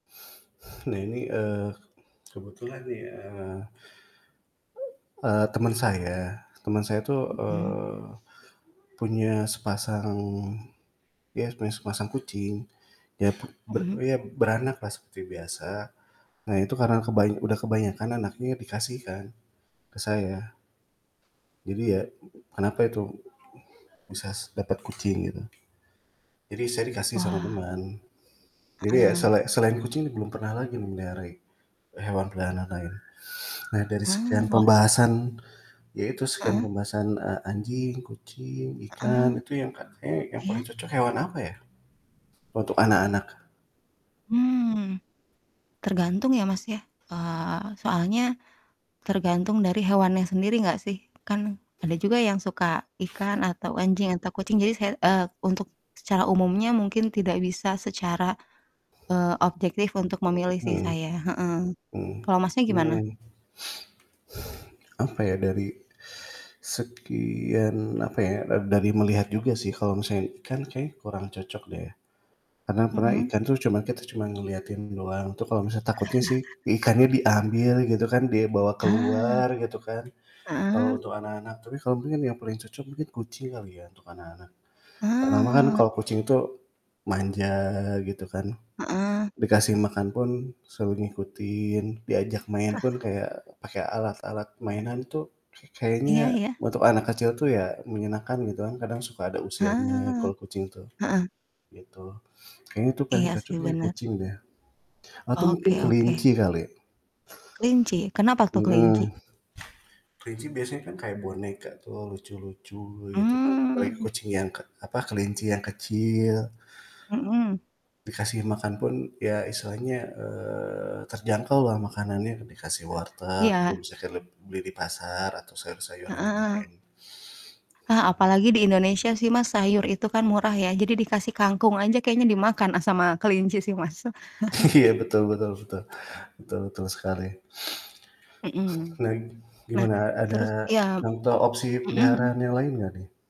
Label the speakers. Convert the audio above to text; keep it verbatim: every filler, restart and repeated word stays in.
Speaker 1: Nah ini, eee, kebetulan ya eee, temen saya temen saya itu,
Speaker 2: Mhm.
Speaker 1: eee, punya sepasang, ya punya sepasang kucing ya ber
Speaker 2: Mhm.
Speaker 1: ya beranaklah seperti biasa. Nah itu karena kebanya udah kebanyakan anaknya, ya, dikasihkan ke saya. Jadi, ya, kenapa itu bisas dapat kucing gitu. Jadi saya dikasih sama
Speaker 2: Wah.
Speaker 1: teman. Jadi, ya,
Speaker 2: Heeh.
Speaker 1: sela selain kucing belum pernah lagi memelihara i hewan peliharaan lain-lain. Nah dari
Speaker 2: Ah,
Speaker 1: sekian
Speaker 2: wah.
Speaker 1: pembahasan, ya itu sekian
Speaker 2: Heeh.
Speaker 1: pembahasan, eee, anjing, kucing, ikan,
Speaker 2: Heeh.
Speaker 1: itu yang ka kayaknya yang
Speaker 2: Iya.
Speaker 1: paling cocok hewan apa ya untuk anak-anak?
Speaker 2: Hmm. Tergantung, ya, Mas, ya, eee, soalnya tergantung dari hewannya sendiri nggak sih? Kan ada juga yang suka ikan atau anjing atau kucing jadi saya eee, untuk secara umumnya mungkin tidak bisa secara, eee, objektif untuk memilih sih
Speaker 1: Hmm.
Speaker 2: saya, heeh.
Speaker 1: Mmm
Speaker 2: Kalau Masnya gimana?
Speaker 1: mmm. Apa ya dari sekian apa ya ad dari melihat juga sih kalau misalnya ikan kayaknya kurang cocok deh. Karena pernah
Speaker 2: Hmm.
Speaker 1: ikan tuh cuma kita cuma ngeliatin doang itu kalau takutnya sih ikannya diambil gitu kan, dia bawa
Speaker 2: Ah.
Speaker 1: keluar gitu kan. Kalau
Speaker 2: Heeh.
Speaker 1: untuk anak-anak, tapi kalo mungkin yang paling cocok mungkin kucing kali ya, untuk anak-anak. Pertama, kan
Speaker 2: Ah.
Speaker 1: kalau kucing itu manja gitu kan,
Speaker 2: Heeh.
Speaker 1: dikasih makan pun suruh ngikutin, diajak main pun kayak pake alat-alat mainan tuh ka
Speaker 2: Iya
Speaker 1: kayaknya
Speaker 2: iya.
Speaker 1: untuk anak kecil tuh ya menyenangkan gitu kan, kadang suka ada usilnya
Speaker 2: Heeh
Speaker 1: kalau kucing tuh,
Speaker 2: heeh.
Speaker 1: gitu. Kayaknya itu paling
Speaker 2: Iya,
Speaker 1: cocok
Speaker 2: sih
Speaker 1: ya
Speaker 2: bener.
Speaker 1: kucing deh. Atau, mungkin
Speaker 2: Oke oke.
Speaker 1: kelinci kali.
Speaker 2: Kelinci? Kenapa tuh
Speaker 1: Heeh.
Speaker 2: kelinci?
Speaker 1: Kelinci biasanya kan kayak boneka tuh lucu-lucu, gitu kan. Apalagi
Speaker 2: Mmm.
Speaker 1: kucing yang ke apa kelinci yang kecil.
Speaker 2: Mhm.
Speaker 1: Dikasih makan pun ya istilahnya, eee, terjangkaulah makanannya, eee, dikasih wortel kita
Speaker 2: Iya.
Speaker 1: bisa keleb beli di pasar atau sayur-sayuran yang
Speaker 2: Heeh.
Speaker 1: lain.
Speaker 2: Hah, apalagi di Indonesia sih Mas, sayur itu kan murah ya jadi dikasih kangkung aja kayaknya dimakan, eee, sama kelinci sih, Mas.
Speaker 1: Iya, betul betul betul betul betul sekali.
Speaker 2: Hmm.
Speaker 1: Menarik.
Speaker 2: Nah,
Speaker 1: Gimana ada
Speaker 2: terus iya.
Speaker 1: contoh opsi
Speaker 2: Hmm
Speaker 1: peliharaan
Speaker 2: hmm.
Speaker 1: yang lain, nggak nih?